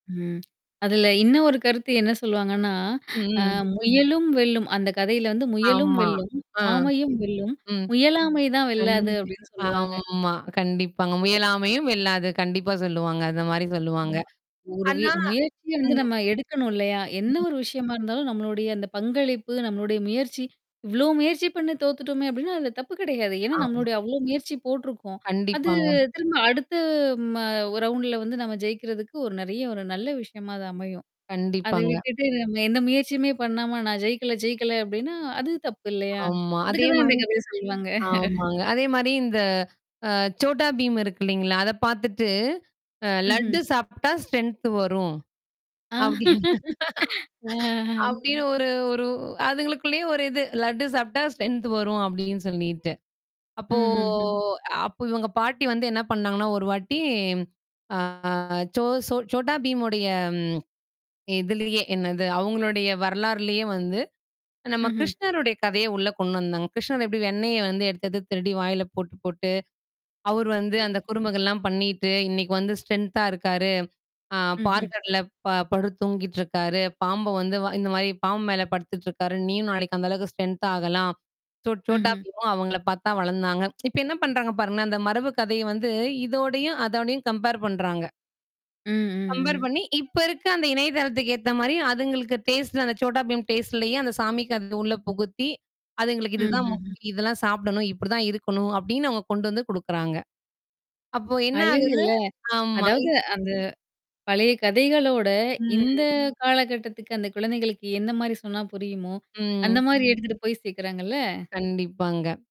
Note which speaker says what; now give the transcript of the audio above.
Speaker 1: ம். அதுல இன்ன ஒரு கருத்து என்ன சொல்லுவாங்கன்னா, அ
Speaker 2: ம்.
Speaker 1: முயலும் வெல்லும். அந்த கதையில வந்து முயலும்
Speaker 2: ஆமா.
Speaker 1: வெல்லும்,
Speaker 2: ஆ.
Speaker 1: ஆமையும் வெல்லும்.
Speaker 2: ம்.
Speaker 1: முயலாமை தான் வெல்லாது அப்டின்னு
Speaker 2: கண்டிப்பா
Speaker 1: சொல்லுவாங்க.
Speaker 2: ஆமா. கண்டிப்பாங்க.
Speaker 1: ஏ! [unintelligible]
Speaker 2: முயலாமையும் வெல்லாது. கண்டிப்பா சொல்லுவாங்க. அந்த மாரி சொல்லுவாங்க.
Speaker 1: ஆமா ஒரு வி
Speaker 2: ஆனா.
Speaker 1: முயற்சிய வந்து
Speaker 2: ம்.
Speaker 1: நம்ம எடுக்கணும் இல்லையா? என்ன
Speaker 2: ம்.
Speaker 1: ஒரு விஷயமா இருந்தாலும் நம்மளுடைய அந்த பங்களிப்பு, நம்மளுடைய முயற்சி இவ்ளோ முயற்சி பண்ணு தோத்துட்டோமே அப்டின்னா, அந்த தப்பு கெடையாது. ஏன்னா,
Speaker 2: ஆமா.
Speaker 1: நம்மளுடைய அவ்வளோ முயற்சி போடருக்கோம். அது
Speaker 2: கண்டிப்பாங்க.
Speaker 1: திரும்ப அடுத்து ம ரவுண்ட்ல வந்து நம்ம ஜெயிக்கிறதுக்கு ஒரு நெறைய ஒரு நல்ல விஷயமா அது அமையும். அத
Speaker 2: கண்டிப்பாங்க.
Speaker 1: விட்டுட்டு நம்ம எந்த முயற்சியுமே பண்ணாம நான் ஜெயிக்கல, ஜெயிக்கல அப்படின்னா, அது தப்பு இல்லையா?
Speaker 2: ஆமா.
Speaker 1: அதுக்கு
Speaker 2: அதே
Speaker 1: தான் இந்த
Speaker 2: மாரி.
Speaker 1: கதைய சொல்லுவாங்க.
Speaker 2: ஆமாங்க. அதே மாரி இந்த அ Chhota Bheem இருக்கு இல்லைங்களா? அத பாத்துட்டு, அ லட்டு
Speaker 1: ம்ஹ்ம்.
Speaker 2: சாப்பிடா ஸ்ட்ரென்த் வரும். அப்டீன்னு
Speaker 1: அ.
Speaker 2: அப்டின்னு ஒரு, ஒரு அதுங்களுக்குள்ளேயே ஒரு இது லட்டு சாப்ட்டா ஸ்ட்ரென்த் வரும் அப்டின்னு சொல்லிட்டு. அப்போ
Speaker 1: ம்ஹ்ஹ்ம்.
Speaker 2: அப்ப இவங்க பாட்டி வந்து என்ன பண்ணாங்கன்னா, ஒரு வாட்டி ஆ ஜோ சோ Chhota Bheemவுடய ம். எதுலயே என்னது அவங்களுடைய வரலாறுலயே வந்து, நம்ம
Speaker 1: ம்ஹ்ம்.
Speaker 2: கிருஷ்ணருடைய கதைய உள்ள கொண்டு வந்தாங்க. கிருஷ்ணர் எப்படி வெண்ணெய வந்து எடுத்தது, எடுத்தது திருடி வாயில போட்டு, போட்டு அவரு வந்து அந்த குறும்புகள்லாம் பண்ணிட்டு இன்னைக்கு வந்து ஸ்ட்ரென்த்தா இருக்காரு. ஆ
Speaker 1: ம்ஹ்ம்.
Speaker 2: வேர்கடல ப படுத்தூங்கிட்டுருக்காரு. பாம்ப வந்து வ இந்த வாயி பாம்பு மேல படுத்துட்டுருக்காரு. நீயும் நாளைக்கு அந்த அளவுக்கு ஸ்ட்ரென்த்தாகலாம். சோ Chhota
Speaker 1: ம்ஹ்ம்.
Speaker 2: Bheemமும் அவங்கள பாத்து தான் வளந்தாங்க. இப்ப என்ன பண்றாங்க பாருங்களே அந்த மரபு கதைய வந்து இதோடயும், அதோடயும் கம்பேர் பண்றாங்க.
Speaker 1: ம்,
Speaker 2: கம்பேர்
Speaker 1: ம், ம்.
Speaker 2: பண்ணி, இப்ப இருக்க அந்த இணையதளத்துக்கு ஏத்த மாரி அதுங்களுக்கு டேஸ்ட் அந்த Chhota Bheem டேஸ்ட்லயே அந்த சாமிக்கு அத உள்ள புகுத்தி, அதுங்களுக்கு
Speaker 1: ம்,
Speaker 2: இதுதான்
Speaker 1: ம், ம்.
Speaker 2: முக்கியாம் இதெல்லாம் சாப்பிடணும் இப்டிதான் இருக்கணும். அப்டின்னு அவுங்க கொண்டு வந்து குடுக்குறாங்க. அப்போ என்ன ஆகுது
Speaker 1: அழகுல்ல
Speaker 2: ஆமா.
Speaker 1: அதாவது அந்த பழைய கதைகளோட இந்த
Speaker 2: ம்.
Speaker 1: காலகட்டத்துக்கு அந்த குழந்தைகளுக்கு எந்த மாரி சொன்னா புரியுமோ, அந்த
Speaker 2: ம்.
Speaker 1: மாரி எடுத்துட்டு போய் சேக்குறாங்கல்ல?
Speaker 2: கண்டிப்பாங்க.